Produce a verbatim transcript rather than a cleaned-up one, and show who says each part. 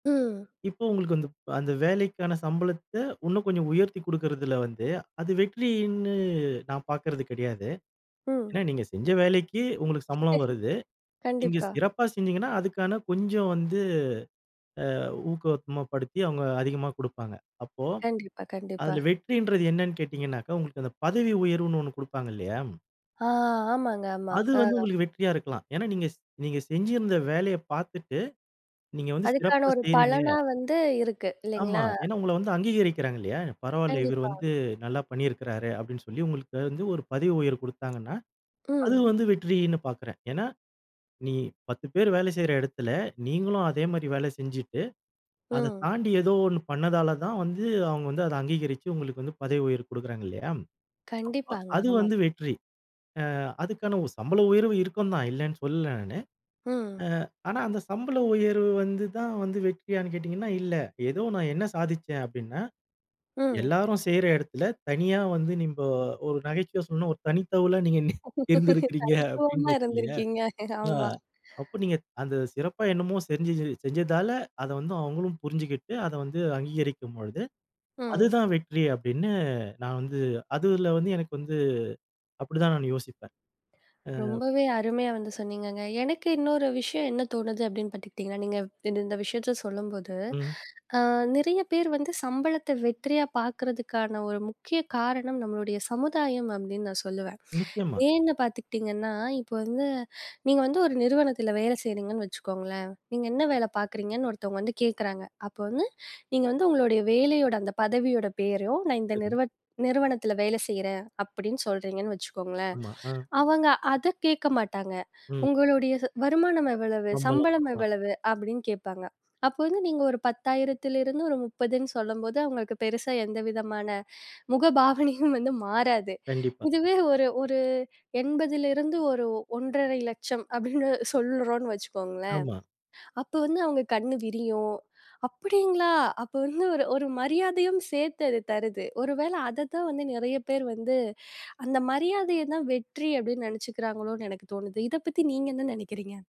Speaker 1: ம்.
Speaker 2: இப்போ உங்களுக்கு வந்து. அந்த வேலைக்கான சம்பளத்த, உன்னும் கொஞ்சம் உயர்த்தி குடுக்கிறதில வந்து அது வெற்றியின்னு நான் பார்க்கறது கிடையாது. ஏன்னா
Speaker 1: ம்.
Speaker 2: நீங்க செஞ்ச வேலைக்கு உங்களுக்கு சம்பளம் வருது. நீங்க
Speaker 1: கண்டிப்பா.
Speaker 2: சிறப்பா செஞ்சீங்கன்னா, அதுக்கான கொஞ்சம் வந்து அ ஊக்கவத்மாபடுத்தி அவுங்க அதிகமா குடுப்பாங்க. அப்போ
Speaker 1: கண்டிப்பா, கண்டிப்பா.
Speaker 2: அதில வெற்றின்றது என்னனு கேட்டீங்கனாக்கா, உங்களுக்கு அந்த பதவி உயர்வுனு ஒண்ணு குடுப்பாங்க இல்லையா?
Speaker 1: ஆ! ஆமாங்க, ஆமா.
Speaker 2: அது வந்து
Speaker 1: அ.
Speaker 2: உங்களுக்கு வெற்றியா இருக்கலாம். ஏன்னா நீங்க ஸ் நீங்க செஞ்சிருந்த வேலையை பார்த்துட்டு, நீங்க வந்து
Speaker 1: அதுக்கான
Speaker 2: சிறப்பா
Speaker 1: ஒரு
Speaker 2: செய்றீங்க
Speaker 1: பலனா வந்து இருக்கு,
Speaker 2: ஆமா.
Speaker 1: இல்லைங்களா?
Speaker 2: ஏன்னா உங்கள வந்து அங்கீகரிக்கிறாங்க இல்லையா! பரவால்ல இவர்
Speaker 1: கண்டிப்பா.
Speaker 2: வந்து, "நல்லா பண்ணியிருக்கிறாரு" அப்படின்னு சொல்லி உங்களுக்கு வந்து ஒரு பதவி உயர்வு கொடுத்தாங்கன்னா, அது
Speaker 1: ம்.
Speaker 2: வந்து வெற்றியின்னு பார்க்குறேன். ஏன்னா, நீ பத்து பேர் வேல செய்ற இடத்துல, நீங்களும் அதே மாரி வேல செஞ்சுட்டு, அத
Speaker 1: ம்.
Speaker 2: தாண்டி ஏதோ ஒண்ணு பண்ணதால தான் வந்து, அவங்க வந்து அதை அங்கீகரிச்சி உங்களுக்கு வந்து பதவி உயர்வு குடுக்குறாங்க, இல்லையா? அ அ
Speaker 1: கண்டிப்பாங்க,
Speaker 2: அது
Speaker 1: ஆமா.
Speaker 2: வந்து வெற்றி. அ அதுக்கான உ சம்பள உயர்வு இருக்கும்தான், இல்லன்னு சொல்லல நானு.
Speaker 1: ம்.
Speaker 2: அ ஆனா அந்த சம்பள உயர்வு வந்து தான் வந்து வெற்றியானு கேட்டீங்கனா, இல்ல. ஏதோ நான் என்ன சாதிச்சேன் அப்படின்னா,
Speaker 1: ம்.
Speaker 2: எல்லாரும் செய்ற இடத்தில தனியா வந்து நீம்போ ஒரு நகைச்சுவையா சொல்லணும்னா ஒரு தனித்தவளா நீங்க நீ இருந்திருக்கிறீங்க அப்படின்னு
Speaker 1: தனித்துவமா
Speaker 2: இருக்கு இல்லையா.
Speaker 1: இருந்திருக்கீங்க.
Speaker 2: அ
Speaker 1: ஆமா.
Speaker 2: அப்ப நீங்க, அந்த சிறப்பா என்னமோ செஞ்சி செஞ்சதால அத வந்து அவுங்களும் புரிஞ்சுகிட்டு, அத வந்து அங்கீகரிக்கும்பொழுது,
Speaker 1: ம்.
Speaker 2: அதுதான் வெற்றி அப்படின்னு நான் வந்து அதில வந்து எனக்கு வந்து அப்படிதான் நானு யோசிப்பேன். அ
Speaker 1: ரொம்பவே அருமையா வந்து சொன்னீங்கங்க. எனக்கு இன்னொரு விஷயம் என்ன தோணுது அப்படினு பார்த்துட்டீங்கன்னா, நீங்க இந்த இந்த விஷயத்த சொல்லும்போது.
Speaker 2: ம்.
Speaker 1: அ நிறைய பேர் வந்து சம்பளத்த வெற்றியா பார்க்குறதுக்கான ஒரு முக்கிய காரணம், நம்மளுடைய சமுதாயம் அப்படின்னு நான் சொல்லுவேன்.
Speaker 2: நிச்சயமா.
Speaker 1: ஏன்னு பார்த்துக்கிட்டீங்கன்னா, இப்ப வந்து, நீங்க வந்து ஒரு நிறுவனத்தில வேல செய்கிறீங்கன்னு வச்சுக்கோங்களேன். நீங்க என்ன வேல பார்க்குறீங்கன்னு ஒருத்தவங்க வந்து கேட்குறாங்க. அப்ப வந்து, நீங்க வந்து உங்களுடைய வேலையோட அந்த பதவியோட பேரையும், "நான் இந்த
Speaker 2: சரி.
Speaker 1: நிறுவ நிறுவனத்தில வேல செய்றேன்" அப்படின்னு சொல்றீங்கன்னு வச்சுக்கோங்களேன்,
Speaker 2: ஆமா. அ.
Speaker 1: அவங்க அதை கேட்க மாட்டாங்க.
Speaker 2: ம்.
Speaker 1: "உங்களுடைய ச வருமானம் எவ்வளவு?
Speaker 2: சம்பளம்,
Speaker 1: சம்பளம்
Speaker 2: ஆமா.
Speaker 1: எவ்வளவு?" அப்படின்னு கேட்பாங்க. அப்ப வந்து நீங்க ஒரு பத்தாயிரத்திலிருந்து ஒரு முப்பதுன்னு சொல்லம்போது, அவங்களுக்கு பெருசா எந்தவிதமான முகபாவனையும் வந்து மாறாது.
Speaker 2: கண்டிப்பா.
Speaker 1: இதுவே ஒரு ஒரு எண்பதுலிருந்து ஒரு ஒன்றறை லட்சம் அப்படின்னு சொல்றோம்ன்னு வச்சுக்கோங்களேன்,
Speaker 2: ஆமா.
Speaker 1: அப்ப வந்து அவங்க கண்னு விரியும், "அப்படிங்களா!" அப்ப வந்து ஒரு ஒரு மரியாதையும் சேர்த்து அது தருது. ஒரு வேள அத தான் வந்து நெறைய பேர் வந்து, அந்த மரியாதையதான் வெற்றி அப்படின்னு நெனைச்சுக்கிறாங்களோன்னு எனக்கு தோணுது. இதை பத்தி நீங்க என்ன நெனைக்கிறீங்க?